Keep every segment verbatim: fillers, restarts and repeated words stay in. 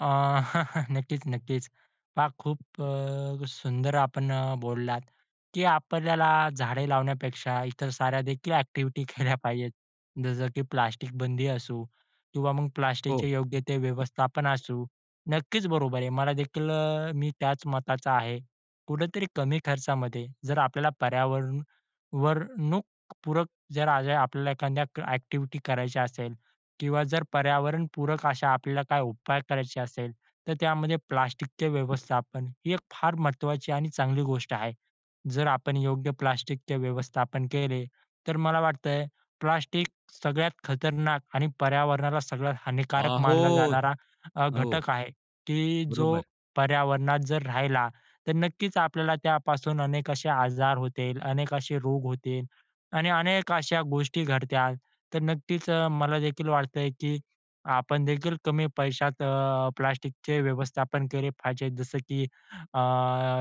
अ, नक्कीच, नक्कीच. पहा, खूप अ, सुंदर आपण अ, बोललात, की आपल्याला झाडे लावण्यापेक्षा इतर साऱ्यादेखील ॲक्टिव्हिटी केल्या पाहिजेत. जसं की प्लास्टिक बंदी असो किंवा मग हो. प्लास्टिकचे योग्य ते व्यवस्थापन असू. नक्कीच, बरोबर आहे. मला देखील अ, मी त्याच मताचा आहे. कुठेतरी कमी खर्चामध्ये जर आपल्याला पर्यावरण, वरणूक, पूरक जर आज हे आपल्याला एखाद्या ॲक्टिव्हिटी करायच्या असेल किंवा जर पर्यावरणपूरक अशा आपल्याला काही उपाय करायचे असेल, तर त्यामध्ये प्लास्टिकचे व्यवस्थापन ही एक फार महत्वाची आणि चांगली गोष्ट आहे. जर आपण योग्य प्लास्टिकचे व्यवस्थापन केले, तर मला वाटतयं, प्लास्टिक सगळ्यात खतरनाक आणि पर्यावरणाला सगळ्यात हानिकारक मानला आहोत. जाणारा अ, हो. घटक आहे, की जो बरोबर. पर्यावरणात जर राहिला, तर नक्कीच आपल्याला त्यापासून अनेक असे आजार होतील, अनेक असे रोग होतील आणि अनेक अशा गोष्टी घडतात. तर नक्कीच मलादेखील वाटतयं, की आपणदेखील कमी पैशात अ, प्लास्टिकचे व्यवस्थापन केले पाहिजे. जसं की अ,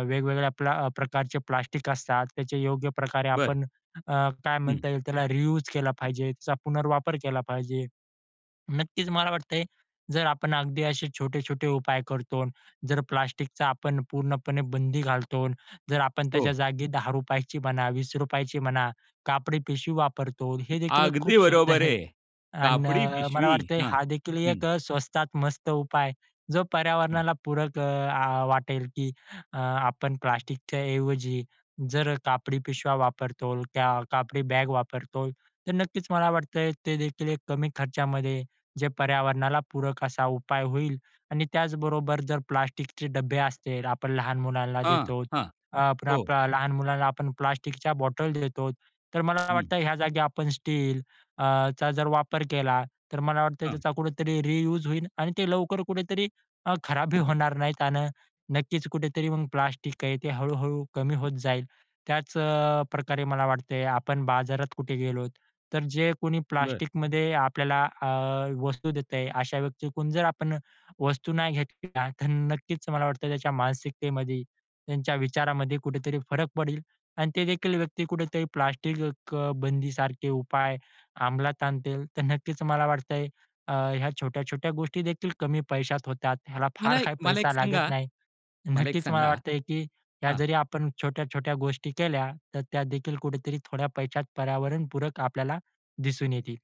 वेगवेगळ्या प्ल अ, प्रकारचे प्लास्टिक असतात. त्याचे योग्यप्रकारे बरं. आपण अ, काय हं. म्हणता येईल, त्याला रियुज केला पाहिजे, त्याचा पुनर्वापर केला पाहिजे. नक्कीच, मला वाटतयं, जर आपण अगदी असे छोटे-छोटे उपाय करतो. जर प्लास्टिकचा आपण पूर्णपणे बंदी घालतो, जर आपण हो. त्याच्या जागी दहा रुपयाची म्हणा, वीस रुपयाची म्हणा, कापडी पिशवी वापरतो. हेदेखील एक अगदी खूप सुंदर बरोबर आहे. आहे. आणि कापडी मला पिशवी. वाटतंय, हं, हादेखील हं. एक स्वस्तात मस्त उपाय जो हं. पर्यावरणाला पूरक अ, आ, वाटेल, की अ, आपण प्लास्टिकच्याऐवजी जर कापडी पिशव्या वापरतोल त्या कापडी बॅग वापरतोल. तर नक्कीच मला वाटतय, ते देखील एक कमी खर्चामध्ये जे पर्यावरणाला पूरक असा उपाय होईल आणि त्याचबरोबर जर प्लास्टिकचे डब्बे असतील, आपण लहान मुलांना हां, देतो. हां. अ, आपण हो. आपल्या लहान मुलांना आपण प्लास्टिकच्या बॉटल देतो. तर मला हं. वाटतंय, या जागी आपण स्टील अ, चा जर वापर केला, तर मला वाटतंय, हां. त्याचा कुठेतरी रियुज होईल आणि ते लवकर कुठेतरी अ, खराब बी होणार नाही. त्यानं नक्कीच कुठेतरी मग प्लास्टिक आहे. ते हळू-हळू कमी होत जाईल. त्याचप्रकारे मला वाटतंय, आपण बाजारात कुठे गेलो, तर जे कोणी बरं. प्लास्टिकमध्ये आपल्याला अ, वस्तू देतंय. अशा व्यक्तीकडून जर आपण वस्तू नाही घेतल्या, तर नक्कीच मला वाटतंय, त्याच्या मानसिकतेमध्ये, त्यांच्या विचारामध्ये कुठेतरी फरक पडेल. आणि तेदेखील व्यक्ती कुठेतरी प्लास्टिक बंदीसारखे उपाय अमलात आणतील. तर नक्कीच, मला वाटतंय, अ, ह्या छोट्या-छोट्या गोष्टीदेखील कमी पैशात होतात. ह्याला मला फार एक काही मला एक पैसा लागत सांगा नाही. मला एक नक्कीच मला सांगा. वाटतंय, की ह्या हां. जरी आपण अ, ह्या छोट्या-छोट्या गोष्टी केल्या. तर त्यादेखील कुठेतरी थोड्या पैशात पर्यावरणपूरक आपल्याला दिसून येतील.